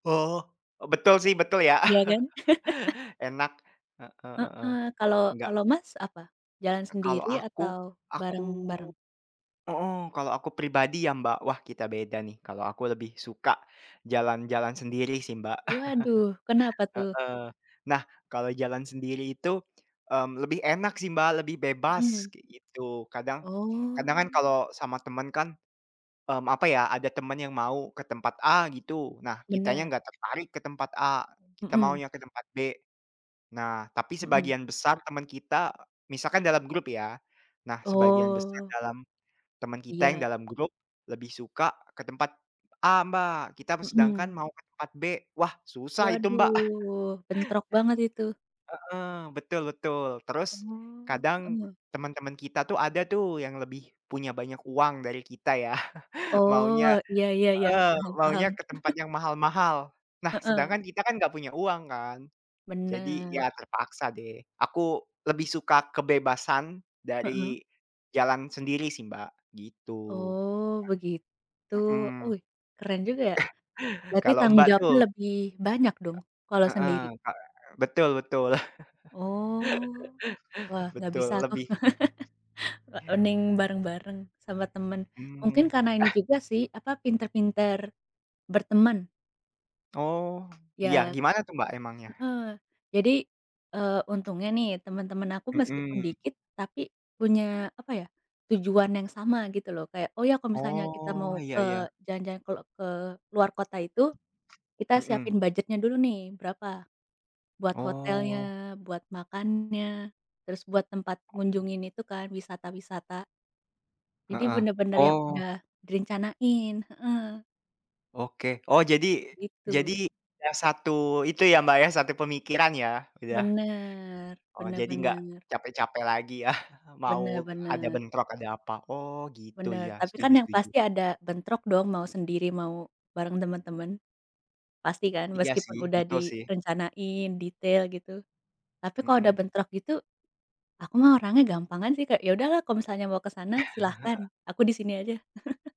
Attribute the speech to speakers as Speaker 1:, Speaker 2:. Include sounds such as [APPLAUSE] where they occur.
Speaker 1: Oh, betul
Speaker 2: Ya.
Speaker 1: sih betul ya.
Speaker 2: Ya kan?
Speaker 1: [LAUGHS]
Speaker 2: [LAUGHS]
Speaker 1: Enak. Heeh heeh.
Speaker 2: Heeh. Kalau
Speaker 1: Enggak.
Speaker 2: kalau, Mas, apa? Jalan
Speaker 1: Kalau
Speaker 2: sendiri
Speaker 1: aku
Speaker 2: atau
Speaker 1: aku
Speaker 2: bareng-bareng?
Speaker 1: heeh, kalau aku pribadi ya, Mbak, wah kita beda nih. Kalau aku lebih suka jalan-jalan sendiri sih, Mbak.
Speaker 2: Waduh,
Speaker 1: [LAUGHS]
Speaker 2: kenapa tuh?
Speaker 1: Heeh. Nah, kalau jalan sendiri itu, mmm, lebih enak sih, Mbak, lebih bebas,
Speaker 2: Mhm.
Speaker 1: kayak gitu. Kadang kadang kan
Speaker 2: Oh.
Speaker 1: kalau sama temen kan mmm, apa ya, ada temen yang mau ke tempat A gitu. Nah, kitanya
Speaker 2: Bener.
Speaker 1: nggak tertarik ke tempat A, kita
Speaker 2: Mhm.
Speaker 1: maunya ke tempat B. Nah, tapi
Speaker 2: Mhm.
Speaker 1: sebagian besar temen kita, misalnya dalam grup ya. Nah, sebagian besar
Speaker 2: Oh.
Speaker 1: dalam, temen kita yang
Speaker 2: Iya.
Speaker 1: dalam grup lebih suka ke tempat A, Mbak. Kita sedangkan
Speaker 2: Mhm.
Speaker 1: mau ke tempat B, wah susah itu, Mbak. [LAUGHS]
Speaker 2: Waduh, bentrok banget itu.
Speaker 1: Heeh, betul betul. Terus,
Speaker 2: Oh,
Speaker 1: kadang
Speaker 2: heeh.
Speaker 1: temen-temen kita itu ada tuh yang punya lebih banyak uang dari kita ya, [LAUGHS]
Speaker 2: Oh,
Speaker 1: maunya
Speaker 2: iya iya iya.
Speaker 1: heeh,
Speaker 2: Paham paham.
Speaker 1: maunya ke tempat
Speaker 2: [LAUGHS]
Speaker 1: yang mahal-mahal. Nah, sedangkan
Speaker 2: Heeh.
Speaker 1: kita kan nggak punya uang kan? Jadi, ya
Speaker 2: Bener.
Speaker 1: terpaksa deh. Aku lebih suka kebebasan
Speaker 2: Heeh.
Speaker 1: dari jalan sendiri sih, Mbak, gitu.
Speaker 2: Oh begitu.
Speaker 1: Nah mhm.
Speaker 2: Wih, keren juga ya.
Speaker 1: [CHUCKLES]
Speaker 2: Berarti
Speaker 1: Kalau,
Speaker 2: tanggung
Speaker 1: Mbak
Speaker 2: jawabnya
Speaker 1: tuh.
Speaker 2: lebih banyak dong kalau
Speaker 1: Eee, heeh.
Speaker 2: sendiri?
Speaker 1: Ka eee, betul betul.
Speaker 2: Oh. Wah,
Speaker 1: [LAUGHS]
Speaker 2: nggak
Speaker 1: Betul,
Speaker 2: bisa aku.
Speaker 1: lebih
Speaker 2: [LAUGHS] Wa mending bareng-bareng, sama temen.
Speaker 1: Mmm,
Speaker 2: Mungkin
Speaker 1: mhm,
Speaker 2: karena ini
Speaker 1: ah.
Speaker 2: juga sih apa, pinter-pinter, bertemen.
Speaker 1: Oh. Iya,
Speaker 2: Ya.
Speaker 1: gimana tuh, Mbak, emangnya?
Speaker 2: Heeh. Jadi, eee, untungnya nih, temen-temen aku
Speaker 1: Mhm.
Speaker 2: meskipun dikit, tapi punya apa ya, tujuan yang sama gitu lho. Kayak, oh ya kalau misalnya kita
Speaker 1: Oh
Speaker 2: mau
Speaker 1: iya
Speaker 2: ke
Speaker 1: iya.
Speaker 2: jalan-jalan, kalau ke luar kota itu, kita
Speaker 1: Mhm.
Speaker 2: siapin budgetnya dulu nih, berapa buat
Speaker 1: Oh.
Speaker 2: hotelnya, buat makannya, terus buat tempat ngunjungin itu kan wisata-wisata. Jadi
Speaker 1: Heeh.
Speaker 2: bener-bener yang
Speaker 1: Oh.
Speaker 2: udah direncanain, heeh.
Speaker 1: Oke. Oh jadi jadi
Speaker 2: Begitu.
Speaker 1: yang 1 itu ya, Mbak, ya, 1 pemikiran ya. Iya.
Speaker 2: Bener
Speaker 1: Oh,
Speaker 2: bener
Speaker 1: jadi nggak
Speaker 2: bener.
Speaker 1: capek-capek lagi ya, [CHUCKLES]
Speaker 2: Bener
Speaker 1: mau ada
Speaker 2: bener.
Speaker 1: bentrok ada apa. Oh gitu,
Speaker 2: Benar.
Speaker 1: ya,
Speaker 2: Tapi kan
Speaker 1: setuju
Speaker 2: yang
Speaker 1: setuju.
Speaker 2: pasti ada bentrok dong, mau sendiri, mau bareng temen-temen. Pasti kan?
Speaker 1: Iya
Speaker 2: Meskipun
Speaker 1: sih.
Speaker 2: udah
Speaker 1: Betul sih.
Speaker 2: direncanain detail gitu. Tapi kalau ada
Speaker 1: Mhm.
Speaker 2: bentrok gitu, aku mah orangnya gampangan sih, Kak, ya udah lah kalau misalnya mau ke sana, silahkan.
Speaker 1: [LAUGHS]
Speaker 2: Aku di sini aja. [LAUGHS]